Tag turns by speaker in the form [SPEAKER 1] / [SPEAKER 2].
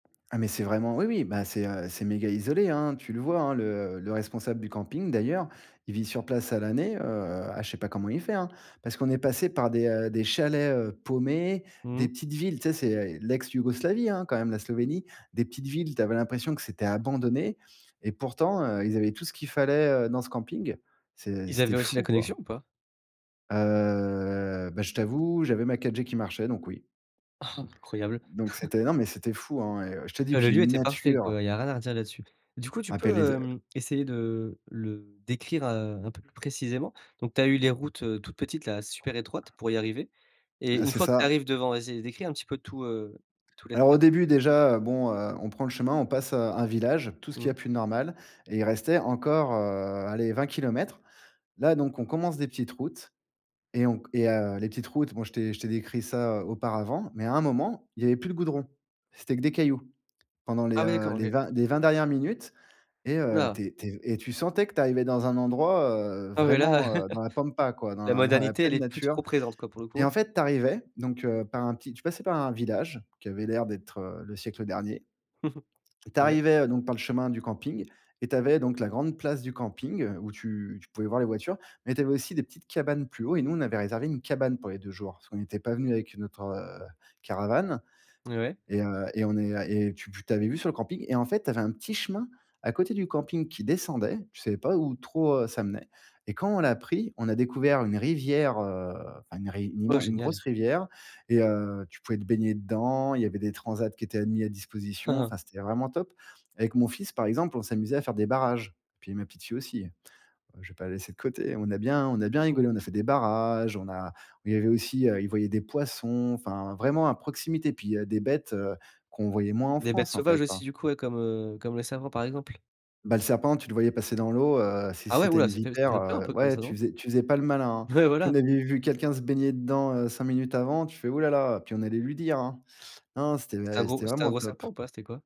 [SPEAKER 1] Ah, mais c'est vraiment oui, oui, ben, c'est, heu, c'est méga isolé, hein. Tu le vois, hein. Le le responsable du camping, d'ailleurs, il vit sur place à l'année. Heu, ah, je sais pas comment il fait, hein. Parce qu'on est passés, par des, heu, des chalets, heu, paumés, des
[SPEAKER 2] Mmh.
[SPEAKER 1] petites villes. Tu sais, c'est, eh, l'ex-Yougoslavie, hein, quand même, la Slovénie, des petites villes. Tu avais l'impression que c'était abandonné et pourtant, heu, ils avaient tout ce qu'il fallait, heu, dans ce camping. C'est
[SPEAKER 2] Ils
[SPEAKER 1] c'était
[SPEAKER 2] avaient aussi la
[SPEAKER 1] fou, quoi.
[SPEAKER 2] connexion ou pas?
[SPEAKER 1] Heu, bah, je t'avoue, j'avais ma 4G qui marchait donc oui.
[SPEAKER 2] Incroyable.
[SPEAKER 1] Donc c'était non mais c'était fou, hein et heu, je te dis
[SPEAKER 2] Heu, le
[SPEAKER 1] puis
[SPEAKER 2] lieu
[SPEAKER 1] une
[SPEAKER 2] était parfait,
[SPEAKER 1] nature!
[SPEAKER 2] quoi. Il y a rien à redire là-dessus. Du coup, tu
[SPEAKER 1] Appelle les
[SPEAKER 2] peux,
[SPEAKER 1] z
[SPEAKER 2] hem, essayer de le décrire, heu, un peu plus précisément? Donc tu as eu les routes, heu, toutes petites, là, super étroites pour y arriver et
[SPEAKER 1] Ah,
[SPEAKER 2] une
[SPEAKER 1] c'est
[SPEAKER 2] fois que tu
[SPEAKER 1] ça.
[SPEAKER 2] arrives devant, vas-y, décris un petit peu tout, heu, tout
[SPEAKER 1] Alors,
[SPEAKER 2] l'espace.
[SPEAKER 1] au début, déjà, heu, bon, heu, on prend le chemin, on passe, heu, un village. Tout ce qu'il y
[SPEAKER 2] Mmh.
[SPEAKER 1] a plus de normal et il restait encore, heu, allez, 20 km. Là donc on commence des petites routes et on c et heu, les petites routes, bon, je t'ai je t'ai décrit ça, heu, auparavant mais à un moment, il y avait plus de goudron. C'était que des cailloux pendant les,
[SPEAKER 2] Ah, oui,
[SPEAKER 1] heu,
[SPEAKER 2] d'accord.
[SPEAKER 1] les
[SPEAKER 2] OK.
[SPEAKER 1] 20 les 20 dernières minutes et
[SPEAKER 2] Hou,
[SPEAKER 1] heu,
[SPEAKER 2] là!
[SPEAKER 1] tu es tu es et tu sentais que tu arrivais dans un endroit, heu,
[SPEAKER 2] Ah, ouais là!
[SPEAKER 1] vraiment, heu, dans la pampa, quoi, dans
[SPEAKER 2] La
[SPEAKER 1] la dans la
[SPEAKER 2] modernité, elle
[SPEAKER 1] pleine
[SPEAKER 2] est plus
[SPEAKER 1] nature.
[SPEAKER 2] trop présente, quoi, pour le
[SPEAKER 1] Et
[SPEAKER 2] coup.
[SPEAKER 1] en fait, tu arrivais donc heu, par un petit tu passais par un village qui avait l'air d'être, heu, le siècle dernier. Tu
[SPEAKER 2] Ouais.
[SPEAKER 1] arrivais, heu donc par le chemin du camping et tu avais donc la grande place du camping où tu tu pouvais voir les voitures mais tu avais aussi des petites cabanes plus haut et nous, on avait réservé une cabane pour les 2 jours parce qu'on n'était pas venu avec notre, heu, caravane.
[SPEAKER 2] N ouais.
[SPEAKER 1] Et heu et on est et heu, tu tu avais vue sur le camping et en fait, tu avais un petit chemin, à côté du camping, qui descendait. Je savais pas où trop, heu, ça menait. Et quand on l'a pris, on a découvert une rivière, heu, enfin, une riv une
[SPEAKER 2] Oh,
[SPEAKER 1] immen une grosse
[SPEAKER 2] génial.
[SPEAKER 1] rivière et heu, tu pouvais te baigner dedans. Il y avait des transats qui étaient mis à disposition. Enfin, c'était vraiment top. Avec mon fils, par exemple, on s'amusait à faire des barrages. Puis ma petite fille aussi. Heu, je vais pas la laisser de côté. On a bien on a bien
[SPEAKER 2] Mmh.
[SPEAKER 1] rigolé, on a fait des barrages, on a oh, il y avait aussi, heu, ils voyaient des poissons, enfin, vraiment à proximité, puis, heu, des bêtes, heu, qu'on voyait moins en
[SPEAKER 2] Des bêtes
[SPEAKER 1] France, en
[SPEAKER 2] sauvages,
[SPEAKER 1] fait,
[SPEAKER 2] aussi,
[SPEAKER 1] hein.
[SPEAKER 2] du coup, ouais, comme, heu, comme, heu, les serpents, par exemple?
[SPEAKER 1] Bah, le serpent, tu le voyais passer dans l'eau, heu, si
[SPEAKER 2] Ah, ouais, hou,
[SPEAKER 1] c'était
[SPEAKER 2] là,
[SPEAKER 1] une
[SPEAKER 2] ça fait ça fait
[SPEAKER 1] vipère,
[SPEAKER 2] déjà peur un
[SPEAKER 1] heu.
[SPEAKER 2] peu comme
[SPEAKER 1] Ouais,
[SPEAKER 2] ça,
[SPEAKER 1] tu
[SPEAKER 2] non?
[SPEAKER 1] faisais tu faisais pas le malin, hein.
[SPEAKER 2] Ouais,
[SPEAKER 1] Puis
[SPEAKER 2] voilà.
[SPEAKER 1] on avait vu quelqu'un se baigner dedans, heu, 5 minutes avant, tu fais: «Hou, là, là». Puis on allait lui dire, hein. Non, non, c'était,
[SPEAKER 2] C'est un
[SPEAKER 1] eh, c'était
[SPEAKER 2] gros c'était un
[SPEAKER 1] vraiment
[SPEAKER 2] gros serpent
[SPEAKER 1] top.
[SPEAKER 2] ou pas? C'était quoi?